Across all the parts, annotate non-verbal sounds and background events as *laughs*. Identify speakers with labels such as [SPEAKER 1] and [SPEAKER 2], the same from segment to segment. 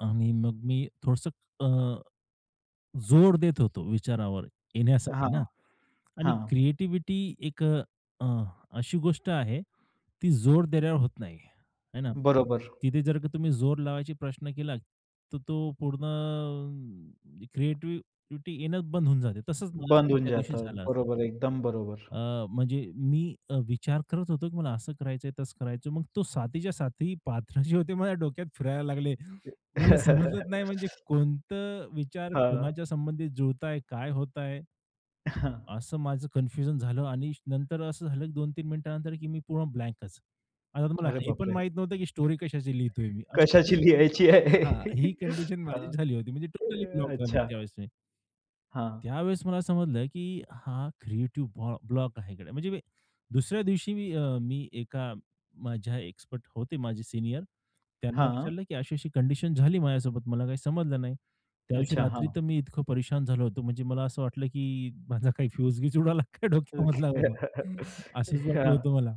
[SPEAKER 1] आणि मग मी थोडसं अ, जोर देत होतो विचारावर, येण्यासाठी ना
[SPEAKER 2] हां.
[SPEAKER 1] आणि
[SPEAKER 2] हां.
[SPEAKER 1] क्रिएटिव्हिटी एक अ, अशी गोष्ट आहे ती जोर देण्यावर होत नाही, आहे ना?
[SPEAKER 2] बरोबर.
[SPEAKER 1] तिथे जर का तुम्ही जोर लावायचा प्रश्न केला तर तो पूर्ण क्रिएटिव्हिटी येणं बंद होऊन जाते, तसंच
[SPEAKER 2] बंद होऊन
[SPEAKER 1] त्यादिवशी
[SPEAKER 2] जातं.
[SPEAKER 1] झाला असत.
[SPEAKER 2] बरोबर, एकदम बरोबर.
[SPEAKER 1] अ, म्हणजे मी अ, विचार करत होतो की मला असं करायचंय, तसं करायचंय, मग तो सातीच्या साती पात्र जे होते माझ्या डोक्यात फिरायला लागले. मला समजलच नाही म्हणजे
[SPEAKER 2] *laughs*
[SPEAKER 1] कोणतं विचार
[SPEAKER 2] हां.
[SPEAKER 1] कोणाच्या संबंधी जुळतंय, काय होतंय?
[SPEAKER 2] हां.
[SPEAKER 1] असं माझं कन्फ्युजन झालं आणि नंतर असं झालं की 2-3 मिनिटानंतर की मी पूर्ण ब्लँकच. आता तुम्हाला
[SPEAKER 2] अरे
[SPEAKER 1] हे पण
[SPEAKER 2] बापरे!
[SPEAKER 1] माहीत नव्हतं की स्टोरी कशाची लिहितोय मी अशी
[SPEAKER 2] कशाची लिहायची आहे,
[SPEAKER 1] हां, ही कंडिशन
[SPEAKER 2] हां.
[SPEAKER 1] माझीच झाली होती. म्हणजे टोटली ब्लॉक झालो
[SPEAKER 2] अच्छा.
[SPEAKER 1] त्यावेळेस मी.
[SPEAKER 2] हां.
[SPEAKER 1] त्यावेळेस मला समजलं, की हा क्रिएटिव्ह ब्लॉ ब्लॉक आहे गड्या, म्हणजे मी, दुसऱ्या दिवशी मी अ, मी एका माझ्या एक्सपर्ट होते माझे सीनियर, त्यांना
[SPEAKER 2] हां.
[SPEAKER 1] विचारलं, की अशी-अशी कंडिशन झाली माझ्यासोबत मला काही समजलं नाही. त्या दिवशी
[SPEAKER 2] अच्छा,
[SPEAKER 1] रात्री
[SPEAKER 2] हां.
[SPEAKER 1] तर मी इतकं परेशान झालो होतो म्हणजे मला असं वाटलं, की माझा काही फ्युज-बीज उडायला काय
[SPEAKER 2] अ,
[SPEAKER 1] डोक्यामधला बाबा
[SPEAKER 2] *chuckles*
[SPEAKER 1] असच वाटत
[SPEAKER 2] हां.
[SPEAKER 1] होतं मला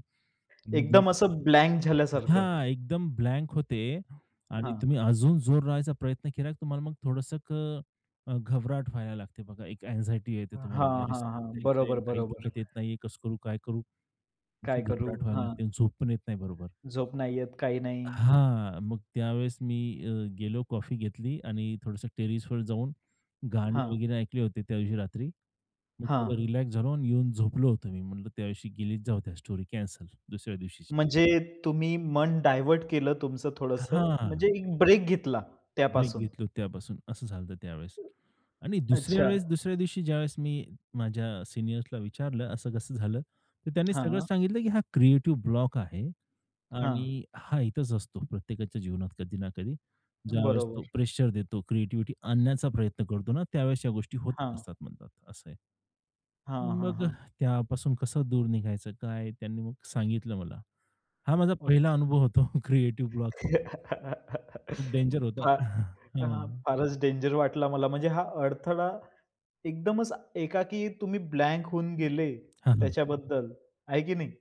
[SPEAKER 1] म्हणजे
[SPEAKER 2] एकदम असं ब्लँक झाल्यासारखं.
[SPEAKER 1] हां, एकदम ब्लँक होते आणि
[SPEAKER 2] हां.
[SPEAKER 1] तुम्ही अजून जोर लावायचा प्रयत्न केला तुम्हाला मग थोडसं क अ, घाबरहट व्हायला लागते बघा एक अँक्साइटी येते तुम्हाला
[SPEAKER 2] हां,
[SPEAKER 1] की अरे
[SPEAKER 2] हां,
[SPEAKER 1] सगळं
[SPEAKER 2] हां.
[SPEAKER 1] काही
[SPEAKER 2] बरोबर,
[SPEAKER 1] *unintelligible* काही
[SPEAKER 2] बरोबर.
[SPEAKER 1] डोक्यात येत नाहीये, कसं करू, काय करू! अशी
[SPEAKER 2] काय करू,
[SPEAKER 1] घाबरहट व्हायला लागते
[SPEAKER 2] हां.
[SPEAKER 1] आणि झोप पण येत नाही बरोबर.
[SPEAKER 2] झोप नाही येत, काही नाही.
[SPEAKER 1] हां, मग त्यावेळेस मी अ, गेलो कॉफी घेतली आणि थोडसं टेरेसवर जाऊन, गाणी
[SPEAKER 2] हां.
[SPEAKER 1] वगैरे ऐकली होती त्यावशी रात्री. मग
[SPEAKER 2] हां.
[SPEAKER 1] थोडं रिलॅक्स झालो आणि येऊन झोपलो होतो मी म्हटलं त्यावेळी गेलीत जाऊ त्या स्टोरी कॅन्सल दुसऱ्या दिवशीची.
[SPEAKER 2] म्हणजे तुम्ही मन डायव्हर्ट केलं तुमचं थोडंस,
[SPEAKER 1] हां.
[SPEAKER 2] म्हणजे एक ब्रेक घेतला
[SPEAKER 1] ब्रेक
[SPEAKER 2] त्यापासून.
[SPEAKER 1] घेतलो त्यापासून असं झालं होतं त्यावेळेस. आणि दुसऱ्या
[SPEAKER 2] अच्छा.
[SPEAKER 1] वेळेस दुसऱ्या दिवशी ज्यावेळेस मी माझ्या सीनियर्सला विचारलं असं कसं झालं, तर त्यांनी सगळं
[SPEAKER 2] हां.
[SPEAKER 1] सांगितलं, की हा क्रिएटिव्ह ब्लॉक आहे
[SPEAKER 2] हां.
[SPEAKER 1] आणि हा येतंच असतो प्रत्येकाच्या जीवनात कधी ना कधी. ज्यावेळेस
[SPEAKER 2] बरोबर.
[SPEAKER 1] तो प्रेशर देतो, क्रिएटिव्हिटी आणण्याचा प्रयत्न करतो ना, त्यावेळेस या गोष्टी होतच
[SPEAKER 2] हां.
[SPEAKER 1] असतात म्हणतात. असं आहे.
[SPEAKER 2] हां, हां,
[SPEAKER 1] मग अ,
[SPEAKER 2] हां.
[SPEAKER 1] त्यापासून कसं दूर निघायचं, काय, त्यांनी मग सांगितलं मला. हा माझा
[SPEAKER 2] अच्छा.
[SPEAKER 1] पहिला अनुभव होतो क्रिएटिव्ह ब्लॉकचा. खूप डेंजर
[SPEAKER 2] *laughs*
[SPEAKER 1] होता.
[SPEAKER 2] फार
[SPEAKER 1] *chuckles*
[SPEAKER 2] हां.
[SPEAKER 1] हं.
[SPEAKER 2] फारच डेंजर वाटला मला म्हणजे, हा अडथळा एकदमच एकाकी तुम्ही ब्लँक होऊन गेले
[SPEAKER 1] हां, हां.
[SPEAKER 2] त्याच्याबद्दल, आहे की नाही?